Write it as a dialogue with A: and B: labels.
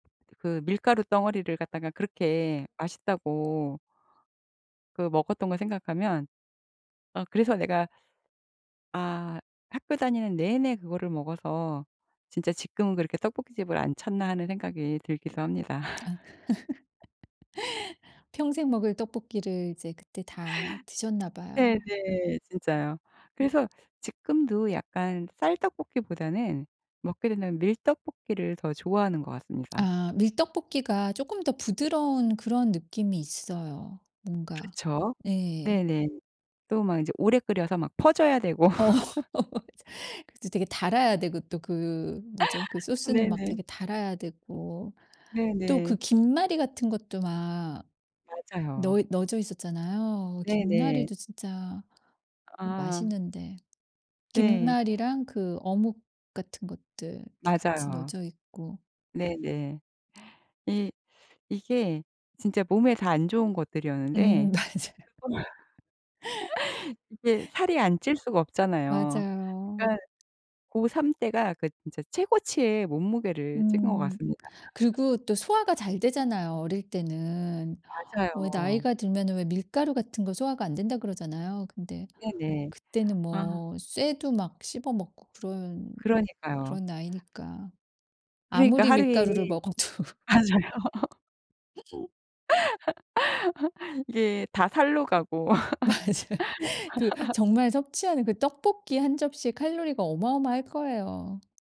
A: 그 밀가루 덩어리를 갖다가
B: 음.
A: 그렇게 맛있다고 그 먹었던 거 생각하면 어 그래서 내가 '아 학교 다니는 내내 그거를 먹어서 진짜 지금은 그렇게 떡볶이집을 안 찾나.' 하는 생각이
B: 아.
A: 들기도 합니다.
B: 평생 먹을 떡볶이를 이제 그때 다 드셨나 봐요.
A: 네네. 진짜요. 그래서 지금도 약간 쌀 떡볶이보다는 먹게 된다면 밀 떡볶이를 더 좋아하는 것 같습니다.
B: 아 밀 떡볶이가 쪼끔 더 부드러운 그런 느낌이 있어요. 뭔가
A: 그렇죠.
B: 예.
A: 네네. 또 막 인제 오래 끓여서 막 퍼져야 되고.
B: 어. 그렇죠. 되게 달아야 되고 또 그 뭐죠 그 소스는 막
A: 네네.
B: 되게 달아야 되고 또 그
A: 네네.
B: 김말이 같은 것도 막 너
A: 맞아요.
B: 넣어져 있었잖아요.
A: 네네.
B: 김말이도 진짜
A: 아.
B: 맛있는데.
A: 네.
B: 김말이랑 그 어묵 같은 것들 이렇게 같이
A: 맞아요.
B: 넣어져 있고.
A: 네네. 이 이게 진짜 몸에 다 안 좋은 것들이었는데
B: 음 맞아요.
A: 그걸 이게 살이 안 찔 수가 없잖아요.
B: 맞아요.
A: 그러니까 고3 때가 그 진짜 최고치의 몸무게를 찐 것
B: 음.
A: 같습니다.
B: 그리고 또 소화가 잘 되잖아요, 어릴 때는. 왜
A: 맞아요.
B: 나이가 들면은 왜 밀가루 같은 거 소화가 안 된다 그러잖아요. 근데
A: 네네.
B: 그때는
A: 아.
B: 뭐 쇠도 막 씹어 먹고 그런
A: 그러니까요.
B: 그런 나이니까,
A: 그러니까
B: 아무리 밀가루를
A: 하루에
B: 먹어도.
A: 맞아요. 이게 다 살로 가고.
B: 맞아. 그 정말 섭취하는 그 떡볶이 1 칼로리가 어마어마할 거예요.